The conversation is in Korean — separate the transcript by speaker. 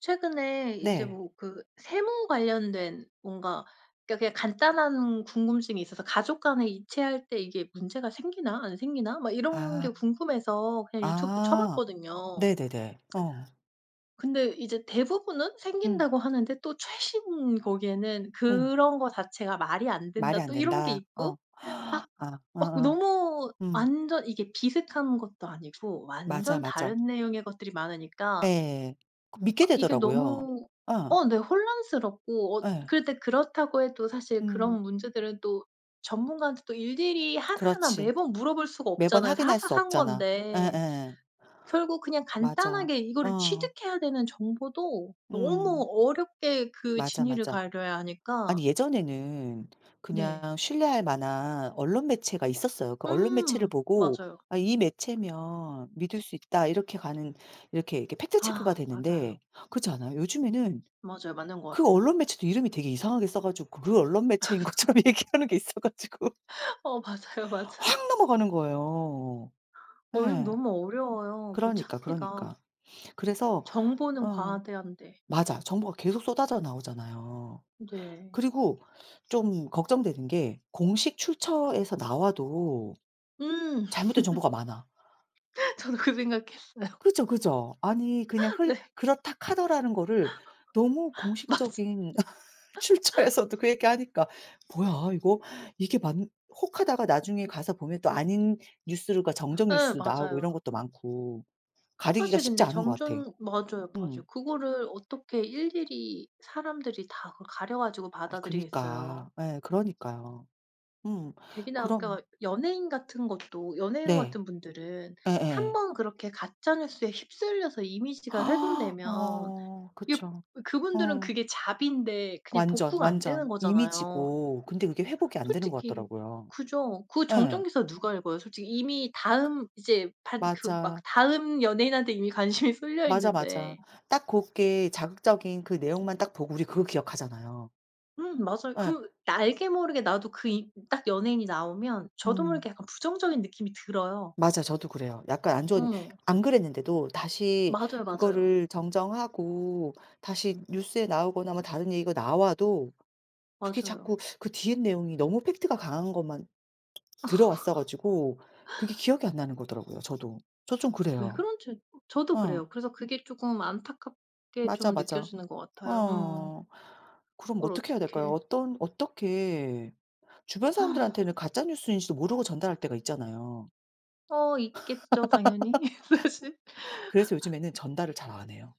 Speaker 1: 최근에 이제
Speaker 2: 네.
Speaker 1: 뭐 그 세무 관련된 뭔가 그니까 그냥 간단한 궁금증이 있어서 '가족 간에 이체할 때 이게 문제가 생기나 안 생기나.' 막 이런
Speaker 2: 아.
Speaker 1: 게 궁금해서 그냥 유튜브
Speaker 2: 아.
Speaker 1: 쳐봤거든요.
Speaker 2: 네네네. 어.
Speaker 1: 근데 이제 대부분은
Speaker 2: 음.
Speaker 1: 생긴다고 하는데 또 최신 거기에는
Speaker 2: 음.
Speaker 1: "그런 거 자체가 말이 안
Speaker 2: 말이
Speaker 1: 된다." 또 이런 게
Speaker 2: 안된다. 어.
Speaker 1: 있고 막,
Speaker 2: 아.
Speaker 1: 막
Speaker 2: 어어.
Speaker 1: 너무
Speaker 2: 음.
Speaker 1: 완전 이게 비슷한 것도 아니고
Speaker 2: 맞아,
Speaker 1: 완전
Speaker 2: 맞아.
Speaker 1: 다른 내용의 것들이 많으니까
Speaker 2: 예. 그 믿게
Speaker 1: 막 이게
Speaker 2: 되더라고요.
Speaker 1: 너무
Speaker 2: 예.
Speaker 1: 어 네 혼란스럽고 어
Speaker 2: 예.
Speaker 1: 그런데 그렇다고 해도 사실
Speaker 2: 음.
Speaker 1: 그런 문제들은 또 전문가한테 또 일일이 하나하나
Speaker 2: 그렇지.
Speaker 1: 매번 물어볼 수가
Speaker 2: 매번
Speaker 1: 없잖아요.
Speaker 2: 확인할 수
Speaker 1: 사소한
Speaker 2: 없잖아.
Speaker 1: 건데.
Speaker 2: 예예예.
Speaker 1: 결국 그냥
Speaker 2: 맞아.
Speaker 1: 간단하게 이거를
Speaker 2: 어.
Speaker 1: 취득해야 되는 정보도 너무
Speaker 2: 음.
Speaker 1: 어렵게 그
Speaker 2: 맞아,
Speaker 1: 진위를
Speaker 2: 맞아.
Speaker 1: 가려야 하니까
Speaker 2: 아니 예전에는
Speaker 1: 네.
Speaker 2: 그냥 신뢰할 만한 언론 매체가 있었어요. 그 언론 매체를
Speaker 1: 음
Speaker 2: 보고
Speaker 1: 맞아요.
Speaker 2: '아 이 매체면 믿을 수 있다.' 이렇게 가는 이렇게, 이렇게 팩트 체크가
Speaker 1: 아 맞아요.
Speaker 2: 되는데 그렇지 않아요? 요즘에는
Speaker 1: 맞아요. 맞는 것
Speaker 2: 그
Speaker 1: 같아요.
Speaker 2: 언론 매체도 이름이 되게 이상하게 써 가지고 그 언론 매체인 것처럼 얘기하는 게 있어 가지고
Speaker 1: 어 맞아요, 맞아요.
Speaker 2: 확 넘어가는 거예요.
Speaker 1: 어 요즘
Speaker 2: 예.
Speaker 1: 너무 어려워요, 뭐
Speaker 2: 그러니까, 그러니까.
Speaker 1: 찾기가.
Speaker 2: 그래서
Speaker 1: 정보는
Speaker 2: 어.
Speaker 1: 과대한데.
Speaker 2: 맞아. 정보가 계속 쏟아져 나오잖아요.
Speaker 1: 네.
Speaker 2: 그리고 좀 걱정되는 게 공식 출처에서 나와도
Speaker 1: 음.
Speaker 2: 잘못된 정보가 많아.
Speaker 1: 저도 그 생각했어요.
Speaker 2: 그죠, 그죠. 아니 그냥 흘
Speaker 1: 네.
Speaker 2: 그렇다 카더라는 거를 너무
Speaker 1: 맞아.
Speaker 2: 공식적인 출처에서도 그 얘기하니까 "뭐야 이거 이게 맞는" 혹하다가 나중에 가서 보면 또 아닌 뉴스들과 정정
Speaker 1: 예
Speaker 2: 뉴스도 나오고 이런
Speaker 1: 맞아요.
Speaker 2: 것도 많고 가리기가
Speaker 1: 사실
Speaker 2: 쉽지
Speaker 1: 근데
Speaker 2: 않은 것 같아요.
Speaker 1: 정정 맞아요.
Speaker 2: 음.
Speaker 1: 맞아요. 그거를 어떻게 일일이 사람들이 다 그걸 가려 가지고
Speaker 2: 아니
Speaker 1: 받아들이겠어요.
Speaker 2: 그니까. 예 그러니까요. 음.
Speaker 1: 되게 나
Speaker 2: 그럼
Speaker 1: 아까 연예인 같은 것도 연예인
Speaker 2: 네.
Speaker 1: 같은 분들은
Speaker 2: 예예.
Speaker 1: 한번 그렇게 가짜 뉴스에 휩쓸려서 이미지가 훼손되면
Speaker 2: 어
Speaker 1: 이게
Speaker 2: 그쵸.
Speaker 1: 그분들은
Speaker 2: 어.
Speaker 1: 그게 잡인데 그냥
Speaker 2: 완전,
Speaker 1: 복구가 안 되는
Speaker 2: 완전.
Speaker 1: 거잖아요.
Speaker 2: 이미지고 근데 그게 회복이 안 되는 것
Speaker 1: 솔직히
Speaker 2: 같더라고요.
Speaker 1: 그죠. 그 정정
Speaker 2: 예.
Speaker 1: 기사 누가 읽어요 솔직히. 이미
Speaker 2: 그
Speaker 1: 다음 이제 반 그 막
Speaker 2: 맞아.
Speaker 1: 다음 연예인한테 이미 관심이
Speaker 2: 맞아, 맞아.
Speaker 1: 쏠려있는데.
Speaker 2: 딱 고게 자극적인 그 내용만 딱 보고 우리 그거 기억하잖아요.
Speaker 1: 음 맞아요.
Speaker 2: 예.
Speaker 1: 그 나 알게 모르게 나도 그 이 딱 연예인이 나오면 저도
Speaker 2: 음.
Speaker 1: 모르게 약간 부정적인 느낌이 들어요.
Speaker 2: 맞아. 저도 그래요. 약간 안 좋은
Speaker 1: 어.
Speaker 2: 안 그랬는데도 다시
Speaker 1: 맞아요, 맞아요.
Speaker 2: 그거를 정정하고 다시 뉴스에 나오거나 뭐 다른 얘기가 나와도 그게
Speaker 1: 맞아요.
Speaker 2: 자꾸 그 뒤에 내용이 너무 팩트가 강한 것만 들어왔어 가지고 그게 기억이 안나는 거더라고요, 저도. 저 좀
Speaker 1: 왜
Speaker 2: 그래요.
Speaker 1: 그런지 저도
Speaker 2: 어.
Speaker 1: 그래요. 그래서 그게 쪼끔 안타깝게
Speaker 2: 맞아,
Speaker 1: 좀
Speaker 2: 맞아.
Speaker 1: 느껴지는 것 같아요. 어.
Speaker 2: 어 그럼
Speaker 1: 그걸
Speaker 2: 어떻게 해야 될까요?
Speaker 1: 어떻게
Speaker 2: 어떤 어떻게 주변사람들한테는 가짜 뉴스인지도 모르고 전달할 때가 있잖아요.
Speaker 1: 어 있겠죠, 당연히 사실.
Speaker 2: 그래서 요즘에는 전달을 잘 안 해요.